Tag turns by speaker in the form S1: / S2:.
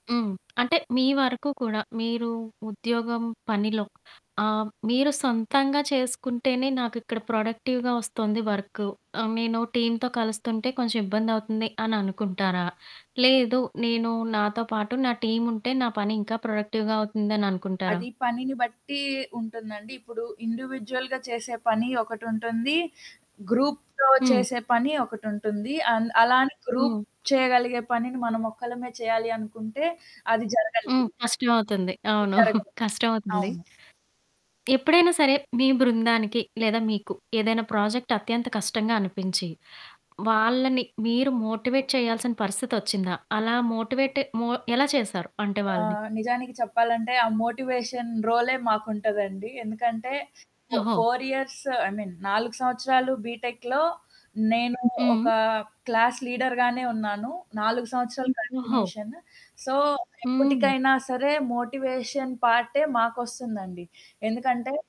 S1: హ్మ్. అంటే, మీ వరకు కూడా మీరు ఉద్యోగం పనిలో, ఆహ్, మీరు సొంతంగా చేసుకుంటేనే, నాకు ఇక్కడ ప్రొడక్టివ్‌గా ఒస్తోంది వర్కు. ఆహ్, నేను టీమ్‌తో కలుస్తుంటే, కొంచెం ఇబ్బందవుతుంది అని అనుకుంటారా? లేదు నేను, నాతో పాటు, నా టీముంటే, నా పని ఇంకా ప్రొడక్టివ్‌గా అవుతుందననుకుంటారా?
S2: అది పనిని బట్టి ఉంటుందండి. ఇప్పుడు ఇండివిడ్యువల్‌గా చేసే పని ఒకటుంటుంది. గ్రూప్‌తో
S1: హ్మ్.
S2: చేసే పని ఒకటుంటుంది. అన్ అలా అని గ్రూప్
S1: హ్మ్.
S2: చేయగలిగే పనిని, మనం ఒక్కలమే చేయాలి అనుకుంటే అది
S1: హ్మ్.
S2: జరగనిది.
S1: కష్టమవుతుంది. అవును.
S2: జరగదు.
S1: కష్టమవుతుంది.
S2: అవును.
S1: ఎప్పుడైనా సరే, మీ బృందానికి లేదా, మీకు ఏదైనా ప్రాజెక్ట్ అత్యంత కష్టంగా అనిపించి, వాళ్ళని మీరు మోటివేట్ చేయాల్సిన పరిస్థితొచ్చిందా? అలా మోటివేట్ మో ఎలా చేశారు, అంటే వాళ్ళని?
S2: ఆహ్, నిజానికి చెప్పాలంటే, ఆ మోటివేషన్ రోలే మాకుంటదండి. ఎందుకంటే, ఫో
S1: ఓహో!
S2: ఫోర్ ఇయర్స్ ఐ మీన్ 4 సంవత్సరాలు బీటెక్‌లో నేను ఒక
S1: హ్మ్.
S2: క్లాస్ లీడర్‌ గానే ఉన్నాను. 4 సంవత్సరాలు
S1: ఓహో!
S2: కంటిన్యూషన్. సో,
S1: హ్మ్.
S2: ఎప్పుటికైనా సరే మోటివేషన్ పార్టే మాకొస్తుందండి. ఎందుకంటే